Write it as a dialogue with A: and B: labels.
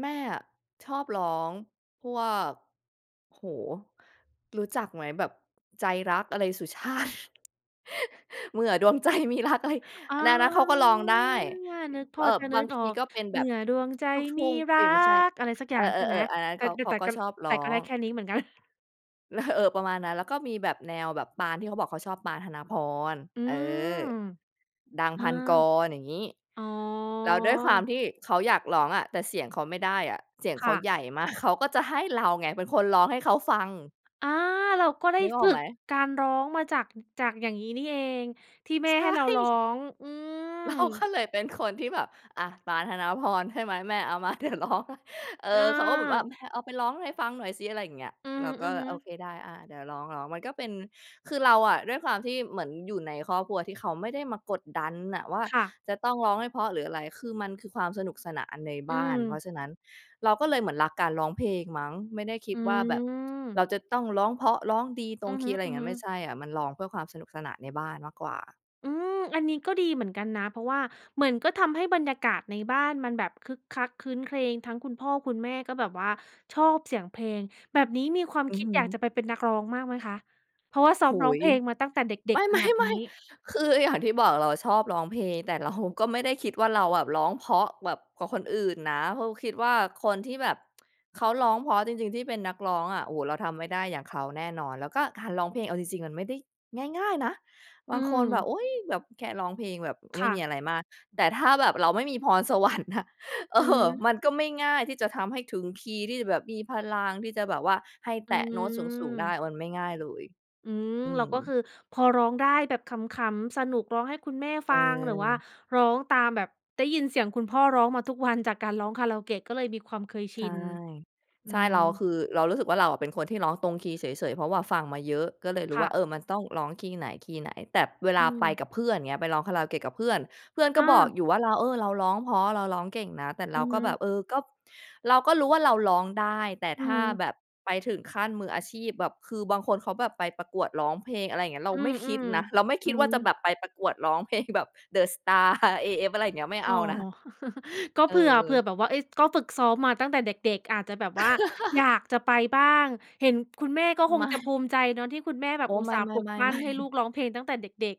A: แม่อะชอบร้องพวก โอ้โฮ รู้จักไหมแบบ ใจรัก อะไรสุชาติ? เมื่อดวง ใจมีรัก อะไร
B: อา
A: น่ะ นั้นเขาก็ร้องได้
B: นึก พ
A: เอ
B: อ
A: ่อ
B: จะน
A: บ
B: ึ
A: าง
B: ก
A: ท
B: ออ
A: ี
B: ก
A: ก็เป็น
B: เม
A: แบ
B: ื่
A: บ
B: อดวงใจ
A: ลูกท
B: ม
A: ุ
B: ี
A: ่ง
B: ร
A: เอ
B: ั
A: ๊ย ไม่ใช่
B: ก อะไรสักอ
A: เ
B: ย
A: อ
B: ่า
A: อ
B: งใช่ไหม
A: ๆ ๆ อันนั้น
B: แต
A: เ
B: ่
A: ขา
B: ด
A: เข
B: แ
A: า
B: ต่
A: ก็
B: ก็
A: ชอบร
B: แต
A: ้อ
B: ่ก็ได้
A: ง
B: แค่นี้เหมือนกัน
A: ล เออ ประมาณนั้น แล้วก็มีแบบแนวแบบปาน ที่เขาบอกเขาชอบ ปาน ธนพร
B: อื
A: เอ
B: ม
A: อ ดัง
B: อา
A: พันกร อย่างงี้
B: อ๋อ
A: แล้วด้วยความที่เขาอยากร้องอะ แต่เสียงเขาไม่ได้อะ เสียง
B: ค
A: เข
B: ่
A: า
B: ะ
A: ใหญ่ มาก เขาก็จะให้เราไงเป็นคนร้องให้เขาฟัง
B: อา เราก็ได้
A: นึกอ
B: ฝ
A: อก
B: ึ
A: ไหม?
B: กการร้องมาจาก จากอย่างนี้นี่เองที่แม่
A: ใช
B: ใ
A: ่
B: ห้เราร้อง อืม
A: เราก็เลยเป็น คนที่แบบ อา ปาน ธนาพร ใช่ไหม แม่เอามา เดี๋ยวร้องให้ เออ
B: อ
A: เขาก็แบบว่า
B: า
A: "แพร เอาไปร้องให้ฟังหน่อยสิ" อะไรอย่างเงี้ย
B: อื
A: เราก็
B: อฮึ
A: "โอ
B: ๆ
A: เคได้ อา เดี๋ยวร้อง ร้อง" มันก็เป็น คือเราอะ ด้วยความที่เหมือนอยู่ในครอบครัวที่เขาไม่ได้มากดดันอะว่า
B: ค่ะ
A: จะต้องร้องให้เพราะ หรืออะไร คือมันคือความสนุกสนานใน
B: อ
A: บ
B: ื
A: ้าน เพรา
B: ม
A: ะฉะนั้นเราก็เลยเหมือนรักการร้องเพลงมั้ง ไม่ได้คิ
B: อื
A: ดว่าแบบเร
B: ม
A: าจะต้องร้องเพราะ ร้องดีตร
B: อื
A: ง
B: อ
A: ค
B: ฮ
A: ีย์ อะไรอย่างงั
B: ึ
A: ้น ไม่
B: ๆ
A: ใช่อะ มันร้องเพื่อความสนุกสนานในบ้านมากกว่า
B: อืม อันนี้ก็ดีเหมือนกันนะ เพราะว่าเหมือน ก็ทำให้บรรยากาศในบ้านมันแบบคึกคักครื้นเครง ทั้งคุณพ่อคุณแม่ ก็แบบว่าชอบเสียงเพลง แบบนี้มีความ
A: อื
B: ค
A: อ
B: ิ
A: ฮ
B: ดอยากจะ
A: ึ
B: ไปเป็นนักร้องมากไหมคะ? เพราะว่าซ้
A: โ
B: อ
A: อ
B: ม
A: ้โ
B: ร้อ
A: ฮ
B: งเพลงมาตั้งแต่เด็
A: ไม
B: ก
A: ่
B: ๆ ข
A: ไม
B: น
A: ่
B: าด
A: ไม
B: นี
A: ่
B: ้?
A: คือ อย่างที่บอกเราชอบร้องเพลง แต่ เรา ก็ไม่ได้คิดว่า เราแบบร้องเพราะแบบกว่าคนอื่นนะ เพราะคิดว่าคนที่แบบ เขาร้องเพราะจริง ๆ ที่เป็นนักร้องอะ โอ้โฮ เราทำไม่ได้อย่างเขาแน่นอน แล้วก็การร้องเพลงเอาจริง ๆ มันไม่ได้ง่าย ๆ นะ บ
B: อื
A: างคนแบ
B: ม
A: บ "อุ๊ย แบบแค่ร้องเพลงแบบ
B: ค
A: ไม่
B: ่
A: ม
B: ะ
A: ีอะไรมาก" แต่ถ้าแบบเราไม่มีพร สวรรค์อะ เอ
B: อื
A: อ
B: ม
A: มันก็ไม่ง่ายที่จะทำให้ถึงคีย์ที่จะแบบมีพลังที่จะแบบว่าให้
B: อ
A: แตะโน้ตสูง ๆ ได
B: ื
A: ้
B: ม
A: มันไม่ง่ายเลย
B: อืม
A: อื
B: เรา
A: ม
B: ก็คือพอร้องได้แบบขำ ๆ สนุกร้องให้คุณแม่ฟัง หรือว่า
A: เออ
B: ร้องตามแบบ ได้ยินเสียงคุณพ่อร้องมาทุกวันจากการร้องคาราโอเกะ ก็เลยมีความเคยช
A: ใช
B: ิ
A: ่
B: น อื
A: ใช่ เ
B: อ
A: รา คือเรารู้สึกว่า เราเป็นคนที่ร้องตรงคีย์เฉย ๆ เพราะว่าฟังมาเยอะ ก็เลยรู้
B: ค
A: ว
B: ่
A: ่
B: ะ
A: า "เออ มันต้องร้องคีย์ไหน คีย์ไหน" แต่เวล
B: อื
A: าไป
B: ม
A: กับเพื่อนเงี้ย ไปร้องคาราโอเกะกับเพื่อน เพื่อน
B: เ
A: ก
B: อ
A: ็บอก
B: อ
A: อยู่ว่า "เรา เออ เราร้องเพราะเราร้องเก่งนะ" แต่เ
B: อ
A: ร
B: ื
A: า
B: อ
A: ก
B: ฮ
A: ็แบบ
B: ึ
A: เออ ก็ เราก็รู้ว่าเราร้องได้ แต่
B: อื
A: ถ้า
B: ม
A: แบบไปถึงขั้นมืออาชีพ แบบคือบางคนเขาแบบไปประกวดร้องเพลง อะไรอย่างเงี้ย เรา
B: อื
A: ไม
B: อ
A: ่คิดนะ เราไม่
B: ๆ
A: ค
B: อื
A: ิดว่าจะแบ
B: อ
A: บไปประกวดร้อง เพลงแบบ เดอะสตาร์ AF อะไรอย่างเงี้ย ไม่
B: อ
A: เ
B: ๋
A: อ
B: อ
A: านะ
B: ก็
A: เ
B: เผื่อ เผื่
A: ออ
B: อแบบว่า เฮ้ย ก็ฝึกซ้อมมาตั้งแต่เด็ก ๆ อาจจะแบบว่า อยากจะไปบ้าง เห็นคุณแม่ ก็ค
A: ไม
B: ง
A: ่
B: จะภูมิใจเนาะ ที่คุณแม่แบ
A: โอ
B: บ
A: ้
B: อุ
A: ไ
B: ต
A: ม
B: ส่าห์ปลุก
A: ่
B: ปั้
A: ๆ ๆ ๆ
B: นให้ลูกร้องเพลงตั้งแต่เด็ก ๆ